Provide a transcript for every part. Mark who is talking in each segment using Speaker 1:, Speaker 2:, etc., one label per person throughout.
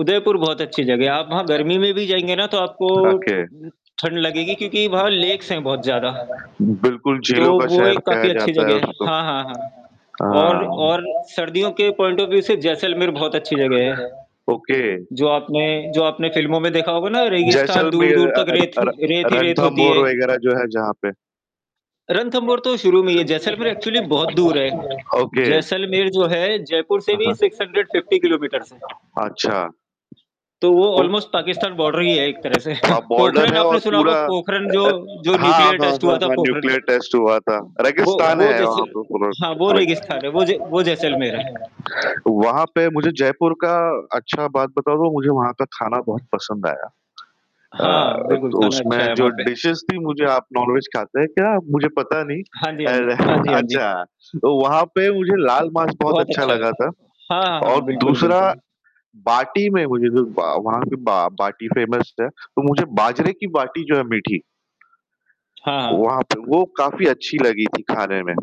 Speaker 1: उदयपुर बहुत अच्छी जगह है। आप वहाँ गर्मी में भी जाएँगे ना तो आपको
Speaker 2: ओके।
Speaker 1: न ठंड लगेगी क्योंकि वहाँ लेक्स हैं बहुत ज़्यादा।
Speaker 2: बिल्कुल,
Speaker 1: तो
Speaker 2: झीलों का
Speaker 1: वो
Speaker 2: शहर
Speaker 1: एक
Speaker 2: कहा
Speaker 1: काफ़ी अच्छी
Speaker 2: जाता है
Speaker 1: जगह है।
Speaker 2: उसको।
Speaker 1: हाँ, हाँ, हाँ, और
Speaker 2: हाँ।
Speaker 1: और सर्दियों के पॉइंट ऑफ़ व्यू से जैसलमेर बहुत अच्छी जगह है।
Speaker 2: ओके।
Speaker 1: जो आपने जो आपने फ़िल्मों में देखा होगा ना रेगिस्तान
Speaker 2: जैसलमेर
Speaker 1: दूर-दूर
Speaker 2: अ,
Speaker 1: तक रेत
Speaker 2: र-र
Speaker 1: ही रेत ही रेत होती
Speaker 2: रणथंभौर
Speaker 1: है।
Speaker 2: वगैरह जो है जहाँ पे।
Speaker 1: रणथंभौर तो शुरू में ही है, जैसलमेर एक्चुअली बहुत दूर है।
Speaker 2: ओके।
Speaker 1: जैसलमेर जो है जयपुर से
Speaker 2: हाँ,
Speaker 1: भी
Speaker 2: हाँ।
Speaker 1: 650 किलोमीटर्स है।
Speaker 2: अच्छा।
Speaker 1: तो वो
Speaker 2: ओह!
Speaker 1: ऑलमोस्ट पाकिस्तान बॉर्डर ही है एक तरह से।
Speaker 2: वहाँ बॉर्डर
Speaker 1: पोखरन
Speaker 2: है और
Speaker 1: आपने सुना होगा,
Speaker 2: पूरा अ,
Speaker 1: पोखरन जो
Speaker 2: अ,
Speaker 1: जो
Speaker 2: हाँ,
Speaker 1: न्यूक्लियर
Speaker 2: हाँ,
Speaker 1: टेस्ट
Speaker 2: हाँ,
Speaker 1: हुआ था
Speaker 2: हाँ
Speaker 1: पोखरन का।
Speaker 2: न्यूक्लियर टेस्ट हुआ था।
Speaker 1: वो
Speaker 2: रेगिस्तान
Speaker 1: वो
Speaker 2: है
Speaker 1: जैसे
Speaker 2: वहाँ पे पूरा
Speaker 1: हाँ, वो
Speaker 2: राइट।
Speaker 1: रेगिस्तान है, वो ज वो जैसलमेर है।
Speaker 2: वहाँ पे मुझे जयपुर का अच्छा बात बता दूँ मुझे वहाँ का खाना बहुत पसंद आया।
Speaker 1: हाँ,
Speaker 2: अ,
Speaker 1: बिल्कुल
Speaker 2: तो
Speaker 1: खाना
Speaker 2: उसमें
Speaker 1: अच्छा है
Speaker 2: जो
Speaker 1: वहाँ पे।
Speaker 2: डिशेज़ थी मुझे आप नॉन वेज खाते हैं क्या मुझे पता नहीं।
Speaker 1: हाँ जी,
Speaker 2: अ,
Speaker 1: हाँ जी।
Speaker 2: रह
Speaker 1: हाँ जी, हाँ जी।
Speaker 2: अच्छा तो वहाँ पे मुझे लाल मांस बहुत
Speaker 1: बहुत
Speaker 2: अच्छा
Speaker 1: अच्छा है।
Speaker 2: लगा था,
Speaker 1: हाँ, हाँ,
Speaker 2: और
Speaker 1: हाँ, बिल्कुल,
Speaker 2: दूसरा
Speaker 1: बिल्कुल।
Speaker 2: बाटी में मुझे जो बा वहाँ की बा बाटी फेमस है। तो मुझे बाजरे की बाटी जो है मीठी
Speaker 1: हाँ, हाँ।
Speaker 2: वहाँ पे वो काफ़ी अच्छी लगी थी खाने में।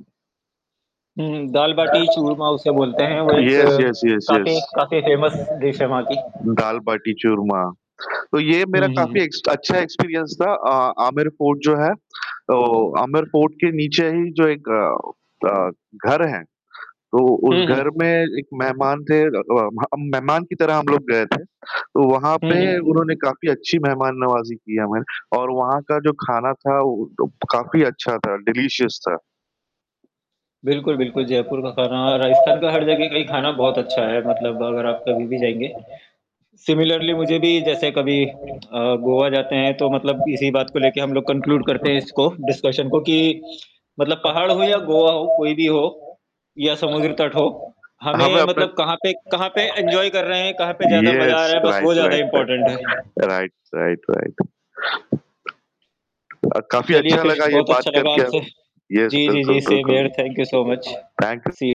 Speaker 1: हुँ, हुँ, दाल बाटी चूरमा उसे बोलते हैं। वो एक
Speaker 2: येस, येस, येस, येस।
Speaker 1: काफ़ी काफ़ी फ़ेमस डिश है वहाँ की।
Speaker 2: दाल बाटी चूरमा। तो ये
Speaker 1: हुँ,
Speaker 2: मेरा
Speaker 1: हुँ, हुँ।
Speaker 2: काफ़ी एक्स अच्छा एक्सपीरियंस था। अ, आमिर फोर्ट जो है, तो आमिर फोर्ट के नीचे ही जो एक अ अ, घर है, तो उस
Speaker 1: हुँ,
Speaker 2: घर
Speaker 1: हुँ।
Speaker 2: में एक मेहमान थे अ अ, हम मेहमान की तरह हम लोग गए थे। तो वहाँ
Speaker 1: हुँ,
Speaker 2: पे
Speaker 1: हुँ।
Speaker 2: उन्होंने काफ़ी अच्छी मेहमान नवाज़ी की हमारी और वहाँ का जो खाना था वो क प तो काफ़ी अच्छा था, डिलीशियस था।
Speaker 1: बिल्कुल, बिल्कुल जयपुर का खाना, राजस्थान का हर जगह का ही खाना बहुत अच्छा है मतलब अगर आप कभी भी जाएँगे। सिमिलर्ली मुझे भी जैसे कभी अ, गोवा जाते हैं तो मतलब इसी बात को लेके हम लोग कन्क्लूड करते हैं इसको डिस्कशन को कि मतलब पहाड़ हो या गोवा हो कोई भी हो या समुद्र तट हो, हमें
Speaker 2: हमें अपना
Speaker 1: मतलब कहाँ पे कहाँ पे एन्जॉय कर रहे हैं, कहाँ पे ज़्यादा मज़ा आ
Speaker 2: येस
Speaker 1: रहा है, बस
Speaker 2: राइट,
Speaker 1: वो ज़्यादा
Speaker 2: राइट,
Speaker 1: इम्पोर्टेंट है।
Speaker 2: राइट। Right, right, right. अ, काफ़ी
Speaker 1: चलिए,
Speaker 2: अच्छा
Speaker 1: फ़िर
Speaker 2: लगा ये
Speaker 1: बहुत
Speaker 2: बात
Speaker 1: अच्छा लगा
Speaker 2: करके।
Speaker 1: आपसे
Speaker 2: येस
Speaker 1: जी, जी,
Speaker 2: बिल्कुल,
Speaker 1: जी सेम
Speaker 2: बिल्कुल।
Speaker 1: Here, thank you so much.
Speaker 2: Thank you.
Speaker 1: C